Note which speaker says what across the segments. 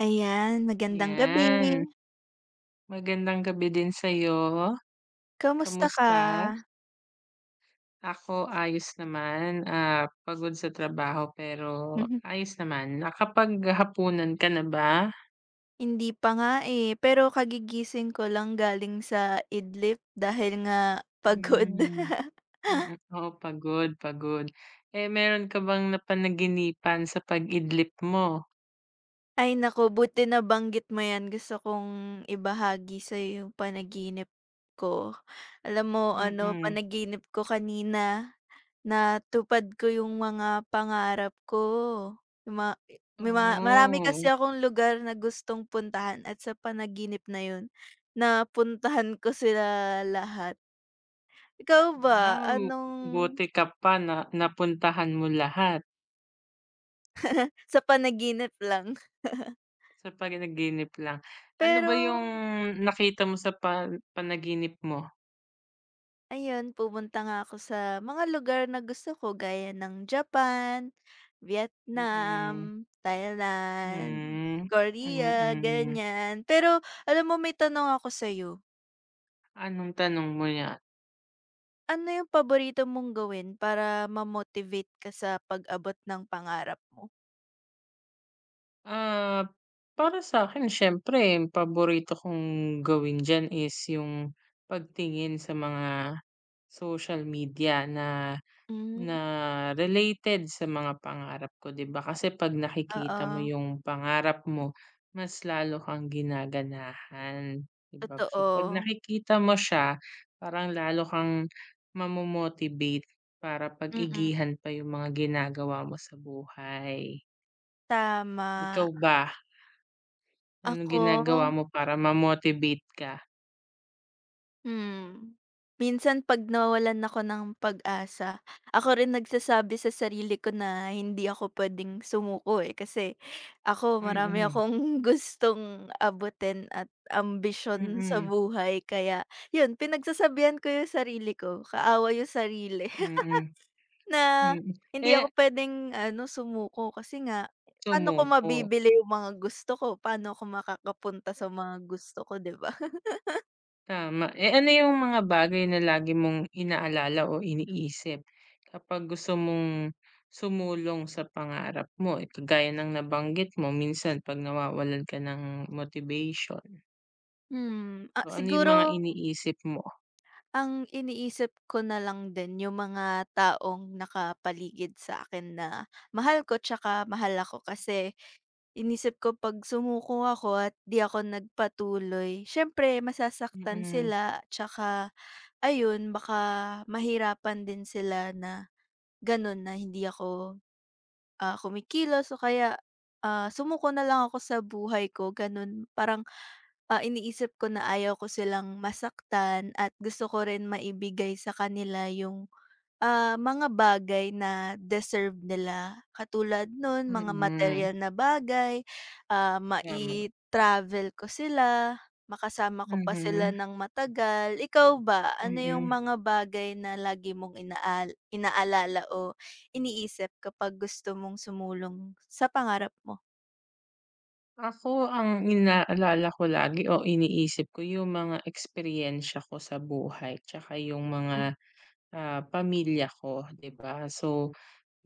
Speaker 1: Ayan, magandang gabi.
Speaker 2: Yan. Magandang gabi din sa 'yo,
Speaker 1: Kamusta ka?
Speaker 2: kumusta? Ako, ayos naman, ah, pagod sa trabaho pero
Speaker 1: Mhm.
Speaker 2: ayos naman, nakapaghapunan ka na ba?
Speaker 1: Hindi pa nga, eh, pero kagigising ko lang galing sa idlip dahil nga pagod.
Speaker 2: Hmm, mm, oo pagod, pagod, eh, mayro'n ka bang napanaginipan sa pag-idlip mo?
Speaker 1: Ay naku, buti nabanggit mo yan gusto kong ibahagi sa 'yo yung panaginip ko, alam mo ano
Speaker 2: Mm.
Speaker 1: panaginip ko kanina natupad ko yung mga pangarap ko ma may marami
Speaker 2: Oh.
Speaker 1: kasi akong lugar na gustong puntahan at sa panaginip na yun napuntahan ko sila lahat. Ikaw ba
Speaker 2: Wow.
Speaker 1: anong
Speaker 2: Buti ka pa na napuntahan mo lahat.
Speaker 1: Sa panaginip lang.
Speaker 2: Sa panaginip lang, ano ba yung
Speaker 1: Pero
Speaker 2: nakita mo sa pan panaginip mo?
Speaker 1: Ayun, pumunta nga ako sa mga lugar na gusto ko gaya ng Japan,
Speaker 2: Mm.
Speaker 1: Vietnam, Thailand,
Speaker 2: Hmm,
Speaker 1: Korea
Speaker 2: mm.
Speaker 1: ganyan. Pero alam mo may tanong ako sayo?
Speaker 2: Anong tanong mo yan?
Speaker 1: Ano yung paborito mong gawin para ma-motivate ka sa pag-abot ng pangarap mo?
Speaker 2: Ah, para sa'kin, siyempre, 'yong paborito kong gawin diyan is 'yong pagtingin sa mga social media na
Speaker 1: Hmm.
Speaker 2: na related sa mga pangarap ko, 'di ba? Kasi 'pag nakikita mo
Speaker 1: Oo.
Speaker 2: 'yong pangarap mo, mas lalo kang ginaganahan, 'di ba? So 'pag
Speaker 1: Totoo.
Speaker 2: nakikita mo siya, parang lalo kang mamomotivate para
Speaker 1: Mm.
Speaker 2: pag-igihan pa 'yong mga ginagawa mo sa buhay.
Speaker 1: Tama.
Speaker 2: Ikaw ba? Anong
Speaker 1: Ako?
Speaker 2: ginagawa mo para ma-motivate ka?
Speaker 1: Hmm. Minsan 'pag nawawalan ako ng pag-asa, ako rin nagsasabi sa sarili ko na hindi ako pwedeng sumuko, eh. Kasi ako, marami
Speaker 2: Mm.
Speaker 1: akong gustong abutin at ambisyon sa
Speaker 2: Mm.
Speaker 1: buhay. Kaya 'yon, pinagsasabihan ko 'yong sarili ko kaaway 'yong sarili
Speaker 2: Mm.
Speaker 1: na
Speaker 2: Mm,
Speaker 1: hindi
Speaker 2: eh
Speaker 1: ako pwedeng, ano, sumuko. Kasi nga paano 'ko
Speaker 2: Sumuko.
Speaker 1: mabibili 'yong mga gusto ko? Paano ako makakapunta sa mga gusto ko, 'di ba?
Speaker 2: Tama. Eh, ano 'yong mga bagay na lagi mong inaalala o iniisip kapag gusto mong sumulong sa pangarap mo? Kagaya ng nabanggit mo, minsan 'pag nawawalan ka ng motivation?
Speaker 1: Hmm. Ah,
Speaker 2: Oh, ano yung mga
Speaker 1: siguro
Speaker 2: iniisip mo?
Speaker 1: ang iniisip ko na lang din 'yong mga taong nakapaligid sa akin na mahal ko 'tsaka mahal ako. Kasi inisip ko 'pag sumuko ako at 'di ako nagpatuloy, siyempre masasaktan
Speaker 2: Mm.
Speaker 1: sila. 'Tsaka, ayun, baka mahirapan din sila na, gano'n, na hindi ako, ah, kumikilos o kaya, ah, sumuko na lang ako sa buhay ko, gano'n. Parang, ah, iniisip ko na ayaw ko silang masaktan at gusto ko rin maibigay sa kanila 'yong, ah, mga bagay na deserve nila, katulad no'n, mga
Speaker 2: Mm.
Speaker 1: materyal na bagay, ah,
Speaker 2: Tama.
Speaker 1: mai-travel ko sila, makasama ko pa sila
Speaker 2: Mhm.
Speaker 1: nang matagal. Ikaw ba, ano 'yong
Speaker 2: Mm.
Speaker 1: mga bagay na lagi mong inaal inaalala o iniisip kapag gusto mong sumulong sa pangarap mo?
Speaker 2: Ako ang inaalala ko lagi o iniisip ko 'yong mga eksperyensya ko sa buhay tsaka 'yong
Speaker 1: Hmm.
Speaker 2: mga, ah, pamilya ko, 'di ba? So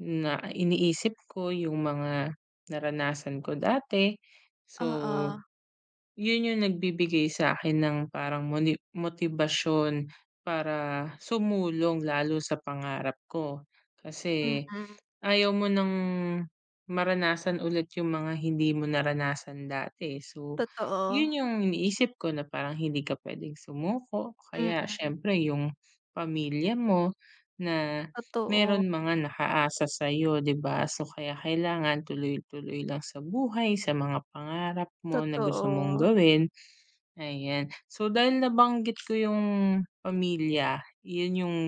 Speaker 2: na iniisip ko 'yong mga naranasan ko dati. So,
Speaker 1: Oo.
Speaker 2: 'yon 'yong nagbibigay sa akin ng parang moni motibasyon para sumulong lalo sa pangarap ko. Kasi
Speaker 1: Mm.
Speaker 2: ayaw mo nang maranasan ulit 'yong mga hindi mo naranasan dati, eh. So
Speaker 1: Totoo.
Speaker 2: 'yon 'yong iniisip ko na parang hindi ka pwedeng sumuko, kaya
Speaker 1: Mm.
Speaker 2: siyempre 'yong pamilya mo na
Speaker 1: Totoo.
Speaker 2: meron mga nakaasa sa'yo, 'di ba? So kaya kailangan tuloy-tuloy lang sa buhay, sa mga pangarap mo na gusto mong
Speaker 1: Totoo.
Speaker 2: gawin, ayan. So dahil nabanggit ko 'yong pamilya, 'yon 'yong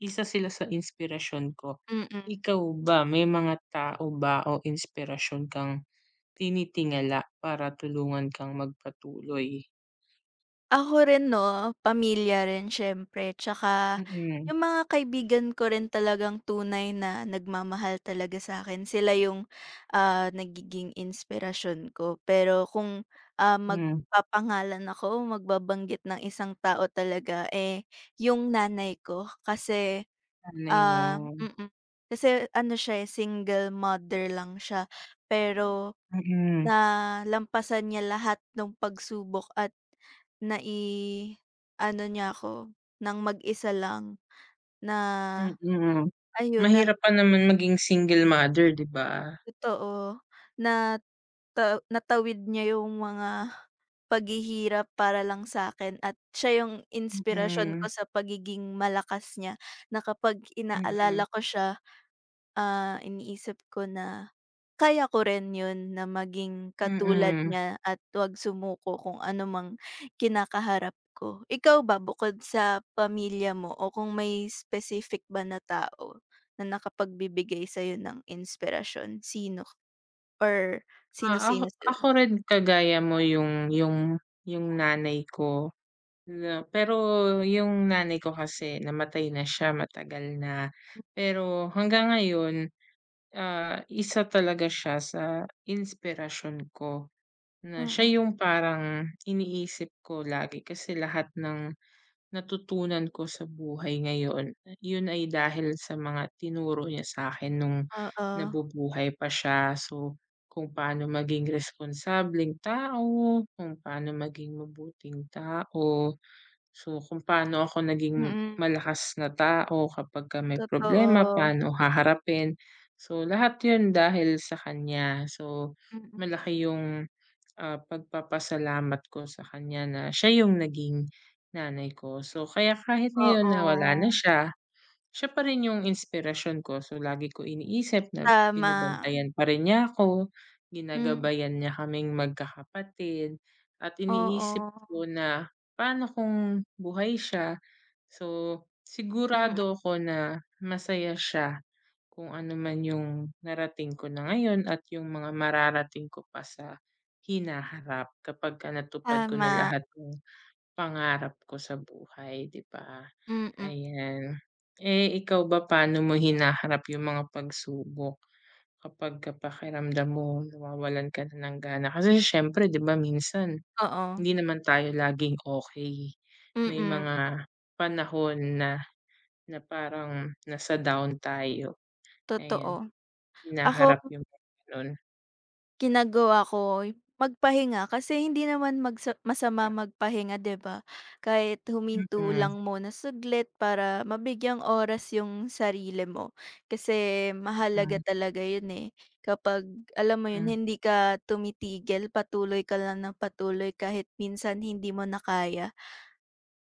Speaker 2: isa sila sa inspirasyon ko.
Speaker 1: Mm.
Speaker 2: Ikaw ba may mga tao ba o inspirasyon kang tinitingala para tulungan kang magpatuloy?
Speaker 1: Ako rin, 'no, pamilya rin siyempre, tsaka
Speaker 2: Mm.
Speaker 1: 'yong mga kaibigan ko rin talagang tunay na nagmamahal talaga sa'kin. Sila 'yong, ah, nagiging inspirasyon ko. Pero kung, ah,
Speaker 2: Mm.
Speaker 1: magpapangalan ako o magbabanggit ng isang tao talaga, eh, 'yong nanay ko, kasi,
Speaker 2: Nanay mo.
Speaker 1: ah mm. Kasi ano siya, eh, single mother lang siya. Pero
Speaker 2: Mm.
Speaker 1: nalampasan niya lahat no'ng pagsubok at nai-ano niya ako nang mag-isa lang na,
Speaker 2: Mm.
Speaker 1: ayun, nag
Speaker 2: Mahirap pa naman maging single mother, 'di ba?
Speaker 1: Totoo. Nata natawid niya 'yong mga paghihirap para lang sa'kin at siya 'yong inspirasyon ko
Speaker 2: Mm.
Speaker 1: sa pagiging malakas niya, na kapag
Speaker 2: Mm.
Speaker 1: inaalala ko siya, ah, iniisip ko na kaya ko rin 'yon na maging katulad
Speaker 2: Mm.
Speaker 1: niya at 'wag sumuko, kung ano mang kinakaharap ko. Ikaw ba, bukod sa pamilya mo o kung may specific ba na tao na nakapagbibigay sa 'yo ng inspirasyon, sino or
Speaker 2: Oo, ako
Speaker 1: sino-sino
Speaker 2: ako
Speaker 1: sila?
Speaker 2: rin kagaya mo 'yong 'yong 'yong nanay ko na pero 'yong nanay ko kasi namatay na siya matagal na. Pero hanggang ngayon, ah, isa talaga siya sa inspirasyon ko, na
Speaker 1: Mm.
Speaker 2: siya 'yong parang iniisip ko lagi. Kasi lahat nang natutunan ko sa buhay ngayon 'yon ay dahil sa mga tinuro niya sa 'kin no'ng
Speaker 1: Oo.
Speaker 2: nabubuhay pa siya. So kung paano maging responsableng tao, kung paano maging mabuting tao, so kung paano ako naging
Speaker 1: Mm.
Speaker 2: malakas na tao kapagka may problema,
Speaker 1: Totoo.
Speaker 2: paano haharapin. So lahat 'yon dahil sa kanya. So
Speaker 1: Mm.
Speaker 2: malaki 'yong, ah, pagpapasalamat ko sa kanya na siya 'yong naging nanay ko. So kaya kahit ngayon na wala na
Speaker 1: Oo.
Speaker 2: siya, siya pa rin 'yong inspirasyon ko. So lagi ko iniisip na
Speaker 1: Tama.
Speaker 2: binabantayan pa rin niya ako,
Speaker 1: Mm.
Speaker 2: ginagabayan niya kaming magkakapatid at iniisip
Speaker 1: Oo.
Speaker 2: ko na, "paano kung buhay siya?" So
Speaker 1: Mm.
Speaker 2: sigurado ako na masaya siya kung ano man 'yong narating ko na ngayon at 'yong mga mararating ko pa sa hinaharap kapagka natupad ko na
Speaker 1: Tama.
Speaker 2: lahat nang pangarap ko sa buhay, 'di ba?
Speaker 1: Mm.
Speaker 2: Ayan. Eh, ikaw ba, paano mo hinaharap 'yong mga pagsubok kapagka pakiramdam mo nawawalan ka na ng gana? Kasi siyempre, 'di ba, minsan
Speaker 1: Oo.
Speaker 2: hindi naman tayo laging okey. May
Speaker 1: Mm.
Speaker 2: mga panahon na na parang nasa down tayo, ayan,
Speaker 1: Totoo,
Speaker 2: hinaharap
Speaker 1: ako
Speaker 2: 'yong gano'n.
Speaker 1: ginagawa ko magpahinga. Kasi hindi naman magsa masama magpahinga, 'di ba? Kahit huminto
Speaker 2: Mm.
Speaker 1: lang muna saglit para mabigyang oras 'yong sarili mo. Kasi mahalaga
Speaker 2: Mm.
Speaker 1: talaga 'yon, eh, kapag, alam mo 'yon,
Speaker 2: Mm.
Speaker 1: hindi ka tumitigil, patuloy ka lang nang patuloy kahit minsan hindi mo na kaya.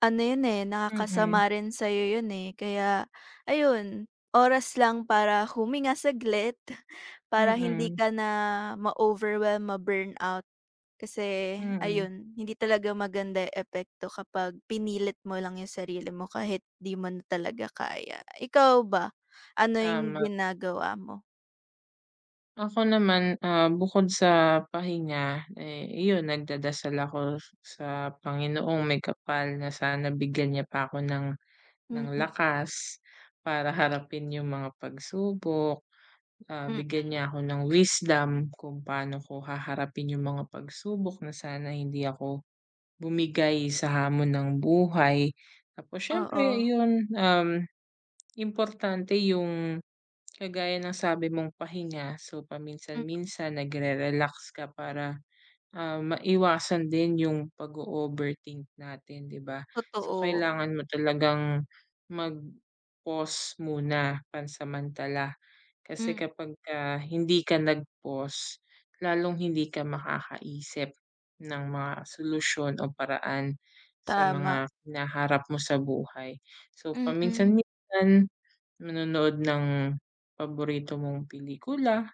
Speaker 1: Ano 'yon, eh,
Speaker 2: Mm.
Speaker 1: nakakasama rin sa'yo 'yon, eh. Kaya, ayun, oras lang para huminga saglit para hindi
Speaker 2: Mm.
Speaker 1: ka na ma-overwhelm, ma-burnout. Kasi
Speaker 2: Mm.
Speaker 1: ayun, hindi talaga maganda 'yong epekto kapag pinilit mo lang 'yong sarili mo kahit 'di mo na talaga kaya. Ikaw ba ano 'yong
Speaker 2: Tama.
Speaker 1: ginagawa mo?
Speaker 2: Ako naman, ah, bukod sa pahinga, eh, iyon, nagdadasal ako s sa Panginoong Maykapal na sana bigyan Niya pa ako ng ng
Speaker 1: Mm.
Speaker 2: lakas para harapin 'yong mga pagsubok. Ah,
Speaker 1: Mm.
Speaker 2: bigyan Niya ako ng wisdom kung paano ko haharapin 'yong mga pagsubok na sana hindi ako bumigay sa hamon ng buhay. Tapos siyempre,
Speaker 1: Oo.
Speaker 2: iyon, um, importante 'yong, kagaya ng sabi mong pahinga. So
Speaker 1: Hmm.
Speaker 2: paminsan-minsan nag-re-relax ka para, ah, maiwasan din 'yong pag-o-overthink natin, 'di ba? So
Speaker 1: Totoo.
Speaker 2: kailangan mo talagang mag-pause muna pansamantala. Kasi
Speaker 1: Hmm.
Speaker 2: kapagka hindi ka nag-pause, lalong hindi ka makakaisip ng mga solusyon o paraan sa
Speaker 1: Tama.
Speaker 2: mga hinaharap mo sa buhay. So
Speaker 1: Mm.
Speaker 2: paminsan-minsan manonood ng paborito mong pelikula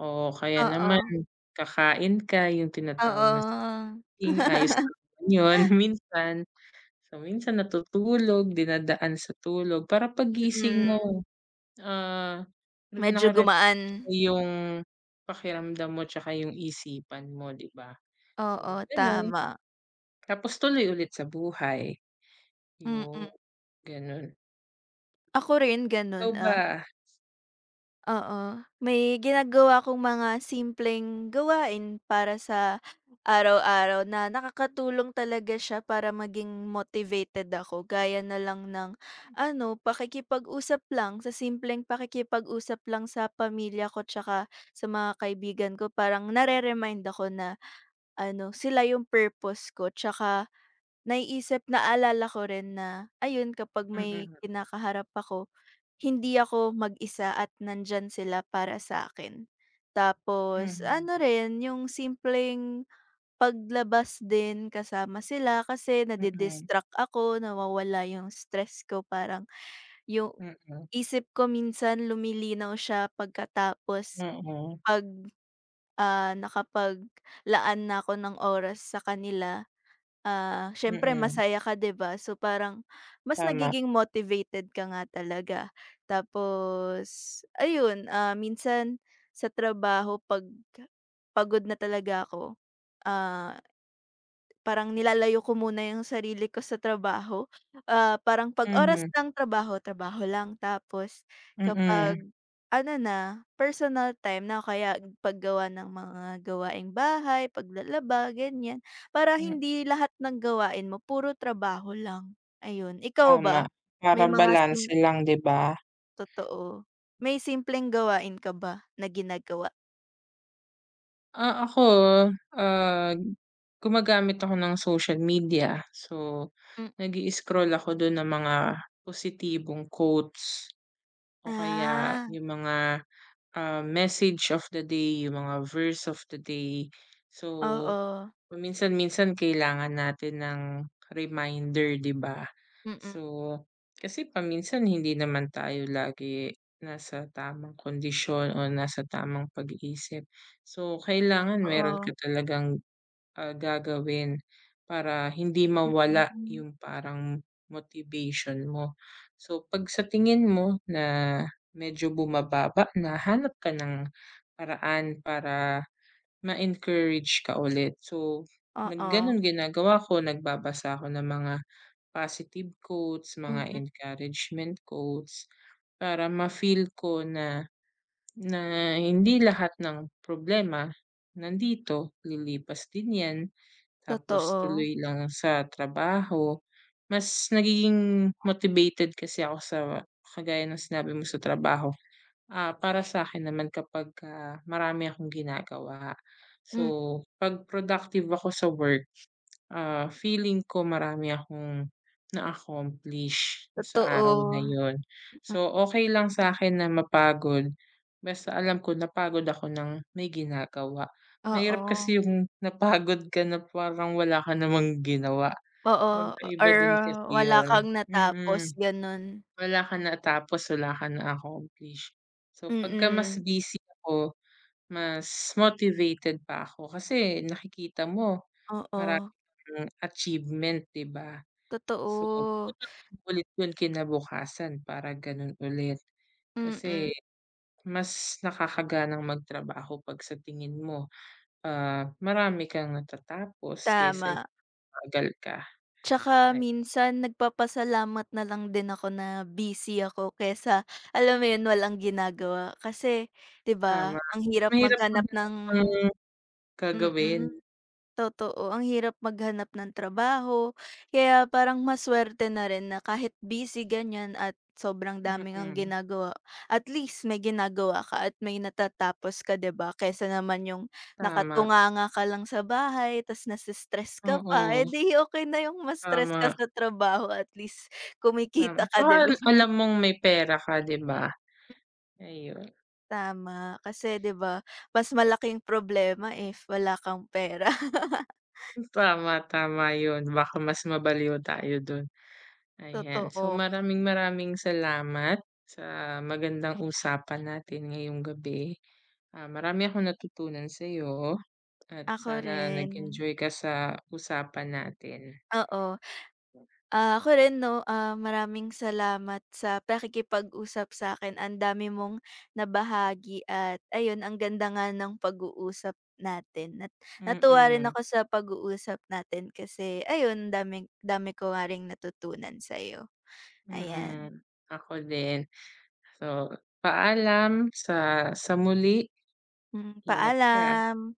Speaker 2: o kaya naman
Speaker 1: Oo.
Speaker 2: kakain ka, 'yong
Speaker 1: Oo,
Speaker 2: tinatawag na
Speaker 1: oo.
Speaker 2: [unintelligible] ayos din naman 'yon minsan. So minsan natutulog, dinadaan sa tulog, para paggising
Speaker 1: Mm.
Speaker 2: mo, ah,
Speaker 1: Medyo
Speaker 2: naka-refresh
Speaker 1: gumaan.
Speaker 2: na 'yong pakiramdam mo tsaka 'yong isipan mo, 'di ba? So
Speaker 1: Oo,
Speaker 2: gano'n.
Speaker 1: tama.
Speaker 2: Tapos tuloy ulit sa buhay,
Speaker 1: Mm.
Speaker 2: 'yon. Gano'n.
Speaker 1: Ako rin gano'n,
Speaker 2: Ikaw
Speaker 1: ah
Speaker 2: ba?
Speaker 1: Oo. May ginagawa akong mga simpleng gawain para sa araw-araw na nakakatulong talaga siya para maging motivated ako. Gaya na lang ng, ano, pakikipag-usap lang. Sa simpleng pakikipag-usap lang sa pamilya ko tsaka sa mga kaibigan ko, parang nare-remind ako na, ano, sila 'yong purpose ko tsaka naiisip naalala ko rin na, ayun, kapag may
Speaker 2: Mm.
Speaker 1: kinakaharap ako, hindi ako mag-isa at nandiyan sila para sa 'kin. Tapos
Speaker 2: Hmm.
Speaker 1: ano rin, 'yong simpleng paglabas din kasama sila. Kasi
Speaker 2: Mm.
Speaker 1: nadi-distract ako, nawawala 'yong stress ko. Parang 'yong
Speaker 2: Mm.
Speaker 1: isip ko minsan lumilinaw siya, pagkatapos
Speaker 2: Oo.
Speaker 1: 'pag ah, nakapaglaan na ako ng oras sa kanila. Ah, siyempre
Speaker 2: Mm.
Speaker 1: masaya ka, 'di ba? So parang mas
Speaker 2: Tama.
Speaker 1: nagiging motivated ka nga talaga. Tapos, ayun, ah, minsan sa trabaho 'pag pagod na talaga ako, ah, parang nilalayo ko muna 'yong sarili ko sa trabaho. Ah, parang 'pag oras
Speaker 2: Mhm.
Speaker 1: ng trabaho, trabaho lang. Tapos kapag
Speaker 2: Mm.
Speaker 1: ano na, personal time na o kaya paggawa ng mga gawaing bahay, paglalaba, ganiyan, para
Speaker 2: Hmm.
Speaker 1: hindi lahat ng gawain mo puro trabaho lang. Ayun. Ikaw
Speaker 2: Tama.
Speaker 1: ba? May
Speaker 2: Para
Speaker 1: mga sim
Speaker 2: balanse lang, 'di ba?
Speaker 1: Totoo, may simpleng gawain ka ba na ginagawa?
Speaker 2: Ah, ako, ah, gumagamit ako ng social media. So
Speaker 1: Hmm.
Speaker 2: nag-i-scroll ako do'n ng mga positibong quotes o kaya
Speaker 1: Ah.
Speaker 2: 'yong mga, ah, message of the day, 'yong mga verse of the day. So
Speaker 1: Oo.
Speaker 2: paminsan-minsan kailangan natin ng reminder, 'di ba?
Speaker 1: Mm.
Speaker 2: So kasi paminsan hindi naman tayo lagi nasa tamang kondisyon o nasa tamang pag-iisip. So kailangan mayro'n ka
Speaker 1: Oo.
Speaker 2: talagang, ah, gagawin para hindi mawala
Speaker 1: Mm.
Speaker 2: 'yong parang motivation mo. So 'pag sa tingin mo na medyo bumababa na, hanap ka ng paraan para ma-encourage ka ulit. So nag
Speaker 1: Oo.
Speaker 2: gano'n ginagawa ko. Nagbabasa ako ng mga positive quotes, mga
Speaker 1: Mm.
Speaker 2: encouragement quotes para mafeel ko na na hindi lahat nang problema nandito. Lilipas din 'yan tapos
Speaker 1: Totoo.
Speaker 2: tuloy lang sa trabaho. Mas nagiging motivated kasi ako sa, kagaya ng sinabi mo, sa trabaho, ah, para sa 'kin naman kapagka marami akong ginagawa.
Speaker 1: Hmm.
Speaker 2: So 'pag productive ako sa work, ah, feeling ko marami akong na-accomplish do'n sa araw na
Speaker 1: Totoo.
Speaker 2: 'yon. So okey lang sa'kin na mapagod, basta alam ko napagod ako nang may ginagawa. Mahirap
Speaker 1: Oo.
Speaker 2: kasi 'yong napagod ka na parang wala ka namang ginawa.
Speaker 1: Oo. O
Speaker 2: Magkaiba
Speaker 1: or
Speaker 2: din kasi
Speaker 1: wala
Speaker 2: 'yon
Speaker 1: kang
Speaker 2: mm.
Speaker 1: natapos, gano'n.
Speaker 2: Wala kang natapos, wala ka na-accomplish. So 'pagka mas
Speaker 1: Mm.
Speaker 2: busy ako, mas motivated pa ako kasi nakikita mo marami
Speaker 1: Oo.
Speaker 2: kang achievement, 'di ba? So
Speaker 1: Totoo.
Speaker 2: gagawin mo ulit 'yon kinabukasan para gano'n ulit. Kasi
Speaker 1: Mm.
Speaker 2: mas nakakaganang magtrabaho 'pag sa tingin mo, ah, marami kang natatapos kaysa
Speaker 1: Tama.
Speaker 2: 'yong mabagal ka.
Speaker 1: Tsaka
Speaker 2: Ay
Speaker 1: minsan nagpapasalamat na lang din ako na busy ako kaysa, alam mo 'yon, walang ginagawa. Kasi, 'di ba,
Speaker 2: Tama.
Speaker 1: ang
Speaker 2: Mas
Speaker 1: hirap
Speaker 2: mahirap
Speaker 1: maghanap ng
Speaker 2: maghanap ng gagawin.
Speaker 1: mm, totoo. Ang hirap maghanap
Speaker 2: Hmm.
Speaker 1: ng trabaho. Kaya parang masuwerte na rin na kahit busy, ganyan, at sobrang dami ngang
Speaker 2: Mm.
Speaker 1: ginagawa, at least may ginagawa ka at may natatapos ka, 'di ba? Kaysa naman 'yong
Speaker 2: Tama.
Speaker 1: nakatunganga ka lang sa bahay 'tas nase-stress ka pa, eh,
Speaker 2: Mm.
Speaker 1: 'di okey na 'yong ma-stress ka
Speaker 2: Tama.
Speaker 1: sa trabaho at least
Speaker 2: Tama,
Speaker 1: kumikita ka,
Speaker 2: 'tsaka
Speaker 1: 'di
Speaker 2: al
Speaker 1: ba?
Speaker 2: alam mong may pera ka, 'di ba? Ayun.
Speaker 1: Tama. Kasi, 'di ba, mas malaking problema if wala kang pera.
Speaker 2: Hmm. Tama, tama 'yon. Baka mas mabaliw tayo do'n. Ayan so
Speaker 1: Totoo.
Speaker 2: maraming-maraming salamat sa magandang usapan natin ngayong gabi. Ah, marami akong natutunan sa'yo at
Speaker 1: Ako
Speaker 2: sana
Speaker 1: rin.
Speaker 2: nag-enjoy ka sa usapan natin.
Speaker 1: Oo. Ah, ako rin 'no, ah, maraming salamat sa pakikipag-usap sa 'kin. Ang dami mong nabahagi at, ayun, ang ganda nga ng pag-uusap natin at natuwa rin
Speaker 2: Mm.
Speaker 1: ako sa pag-uusap natin, kasi, ayun, daming dami ko nga ring natutunan sa 'yo. Ayan.
Speaker 2: Mm. Ako din, so paalam sa sa muli.
Speaker 1: Hmm.
Speaker 2: Ingat ka, ah.
Speaker 1: Paalam.